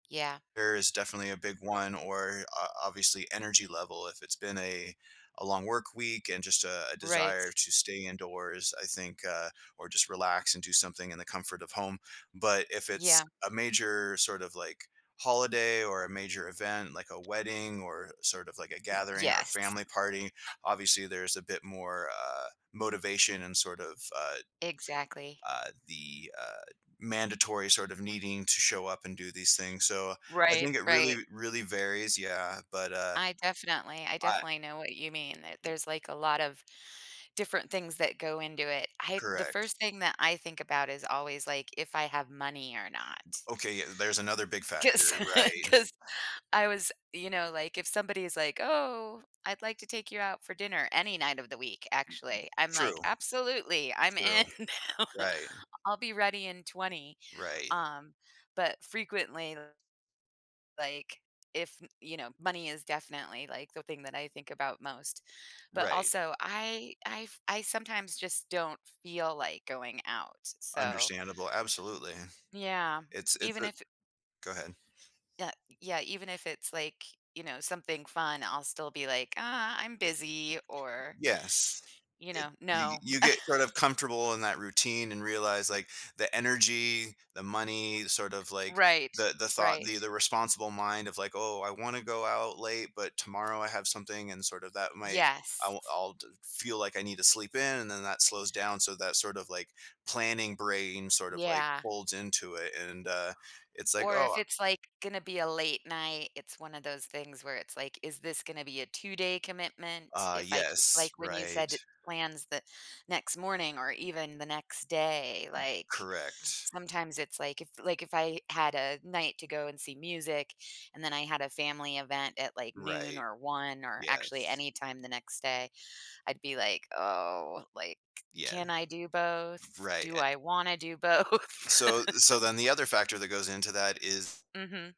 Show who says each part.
Speaker 1: Yeah.
Speaker 2: There is definitely a big one, or o obviously energy level, if it's been a a long work week and just a a desire
Speaker 1: Right.
Speaker 2: to stay indoors, I think, uh or just relax and do something in the comfort of home. But if it's
Speaker 1: Yeah.
Speaker 2: a major sort of like holiday or a major event, like a wedding or sort of like a
Speaker 1: Y
Speaker 2: gathering or a
Speaker 1: yes.
Speaker 2: family party, obviously there's a bit more, uh, motivation and sort of a
Speaker 1: Exactly.
Speaker 2: Uh, the, uh, mandatory sort of needing to show up and do these things. So, I
Speaker 1: Right,
Speaker 2: think it really,
Speaker 1: right.
Speaker 2: really varies, yeah, but uh
Speaker 1: I definitely, I
Speaker 2: I
Speaker 1: definitely know what you mean. That there's like a lot of different things that go into it. I the
Speaker 2: Correct.
Speaker 1: first thing that I think about is always like if I have money or not.
Speaker 2: Okay, yeah, there's another big
Speaker 1: 'Cause
Speaker 2: factor, right?
Speaker 1: 'cause I was you know, like if somebody's like, "Oh, I'd like to take you out for dinner any night of the week," actually, I'm like,
Speaker 2: True.
Speaker 1: "Absolutely, I'm in.
Speaker 2: True. Right.
Speaker 1: I'll be ready in 20."
Speaker 2: Right.
Speaker 1: Um, but frequently like, if you know, money is definitely like the thing that I think about most. But
Speaker 2: Right
Speaker 1: also, I I f I sometimes just don't feel like going out, so.
Speaker 2: Understandable, absolutely.
Speaker 1: Yeah,
Speaker 2: It's it's
Speaker 1: even
Speaker 2: a
Speaker 1: if
Speaker 2: go ahead.
Speaker 1: Yeah, yeah, even if it's like, you know, something fun, I'll still be like, "Uh, I'm busy," or
Speaker 2: Yes.
Speaker 1: you
Speaker 2: I
Speaker 1: know,
Speaker 2: you
Speaker 1: "No."
Speaker 2: you get sort of comfortable in that routine and realize like the energy, the money, sort of like
Speaker 1: Right,
Speaker 2: the the thought,
Speaker 1: right.
Speaker 2: the responsible mind of like, "Oh, I wanna go out late, but tomorrow I have something", and sort of that might,
Speaker 1: Yes.
Speaker 2: l I'll I'd feel like I need to sleep in, and then that slows down, so that sort of like planning brain sort of like
Speaker 1: Yeah.
Speaker 2: folds into it, and, uh, it's like,
Speaker 1: Or
Speaker 2: "Oh"
Speaker 1: if it's like gonna be a late night, it's one of those things where it's like, "Is this gonna be a two-day commitment?"
Speaker 2: Uh,
Speaker 1: If I k like
Speaker 2: yes,
Speaker 1: when you
Speaker 2: right.
Speaker 1: said plans the next morning or even the next day, like
Speaker 2: Correct.
Speaker 1: sometimes it's like if like if I had a night to go and see music, and then I had a family event at like noon
Speaker 2: Right.
Speaker 1: or 1 or actually
Speaker 2: Yes.
Speaker 1: anytime the next day, I'd be like, "Oh," like,
Speaker 2: Yes.
Speaker 1: "Can I do both?
Speaker 2: Right,
Speaker 1: Do
Speaker 2: an
Speaker 1: I wanna do both?"
Speaker 2: So so then the other factor that goes into that is
Speaker 1: Mhm.